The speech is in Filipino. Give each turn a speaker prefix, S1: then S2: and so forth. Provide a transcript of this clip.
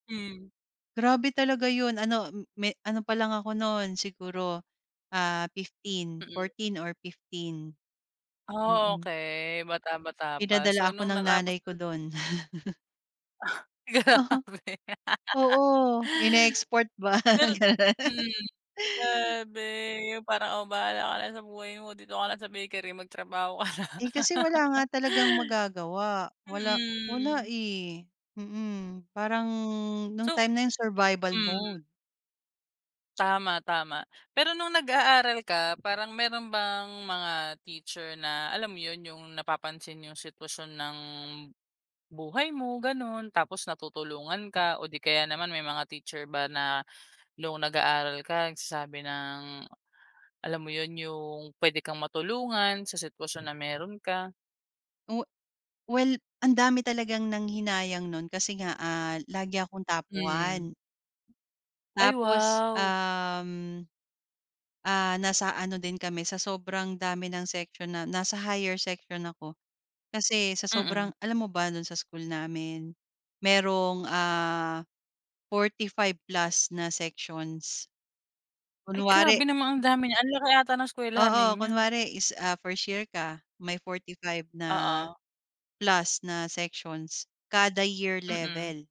S1: Hmm.
S2: Grabe talaga yun ano, hmm, may ano palang ako no'n siguro, ah, 15.
S1: Mm.
S2: 14 or 15.
S1: Ah,
S2: Mm.
S1: okey, bata-bata pa,
S2: Pinadala
S1: so
S2: ako
S1: nung
S2: ng
S1: natapos
S2: nanay ko
S1: na
S2: do'n.
S1: Grabe!
S2: Oo. Oo, in-export ba.
S1: Pero, mm, grabe yung parang, "oh bahala ka na sa buhay mo, dito ka lang sa bakery magtrabaho ka na."
S2: Eh, kasi wala nga talagang magagawa. Wala, wala
S1: Mm.
S2: eh, mm. Parang nung
S1: So
S2: time na yun survival
S1: hmm.
S2: mode.
S1: Tama, tama. Pero nung nag-aaral ka, parang mayro'n bang mga teacher na alam mo yun? Yung napapansin, yung sitwasyon ng buhay mo gano'n, tapos natutulungan ka, o di kaya naman may mga teacher ba na nung nag-aaral ka nagsasabi ng, alam mo yun? Yung puwede kang matulungan, sa sitwasyon na mayro'n ka?
S2: Oh, well ang dami talagang nanghinayang no'n kasi nga, ah, lagi akong top
S1: Mm.
S2: 1.
S1: Ay,
S2: Tapos,
S1: wow!
S2: um, ah, nasa ano din kami sa sobrang dami ng section na nasa higher section ako kasi sa
S1: Mm.
S2: sobrang alam mo ba do'n sa school namin, mayrong, ah, 45+ na sections.
S1: Ay,
S2: Kunwari
S1: grabe naman ang dami niyan! Ang laki ata ng eskuwelahan
S2: oo,
S1: ninyo.
S2: kunwari is, ah, 1st year ka, may 45 na,
S1: Oo.
S2: plus na sections kada year
S1: Mm.
S2: level.